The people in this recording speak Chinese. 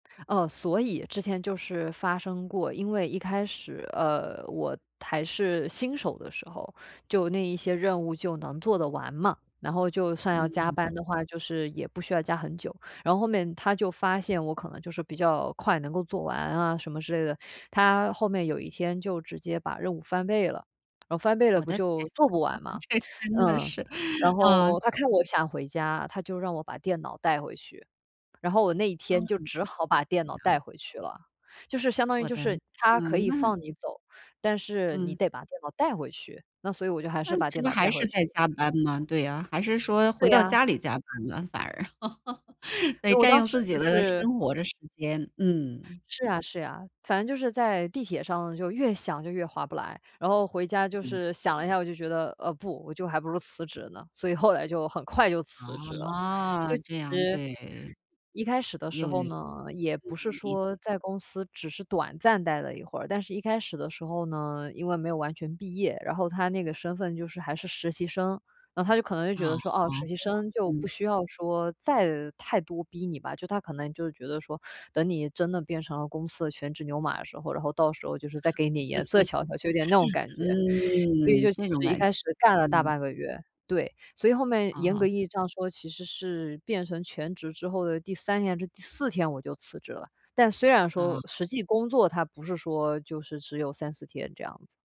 哦，所以之前就是发生过，因为一开始，呃，我还是新手的时候，就那一些任务就能做得完嘛，然后就算要加嗯。班的话，就是也不需要加很久。然后后面，他就发现我可能就是比较快能够做完啊什么之类的，他后面有一天就直接把任务翻倍了，然后翻倍了我不的天就做啊，不完 嘛？这真的嗯，是，然啊。后他看我想回家，他就让我把电脑带回去，然后我那一嗯。天就只好把电对脑带呀。回去了，就是相当于我就的是，他可嗯，以那放你走，但是你嗯。得把电脑带回去，那所以我就还是那把这电不是脑还带是回在去。加班吗？对啊，还是说对回到呀。家里加班呢，反而。所对，以我占当用时自己就的是生活的时间，嗯。是呀，是呀，反正就是在地铁上就越想就越划不来，然后回家就嗯。是想了一下，我就觉得，呃，不，我就还不如辞职呢，所以后来就很快就辞职了，就哦，其这样，实，对，一开始的时又嗯，候呢，也不是理解。说在公司只是短暂待了一会儿，但是一开始的时候呢，因为没有完全毕业，然后它那个身份就是还是实习生，然后他就可能就哦，觉得说：“哦，好，实习对生哦，就不嗯。需要说再太多逼你吧”，就他可能就觉得说：“等你真的变成了公司的全职牛马的时候，然后到时候就是再给你颜色瞧瞧”，就有点那种 感觉。所以嗯，就其这种实一感觉，开始干了大嗯。半个月，对，所以后面严啊。格意义上说，其实是变成全职之后的第3天，还是第4天我就辞职了，但虽然说啊。实际工作它不是说，就是只有3-4天这样子。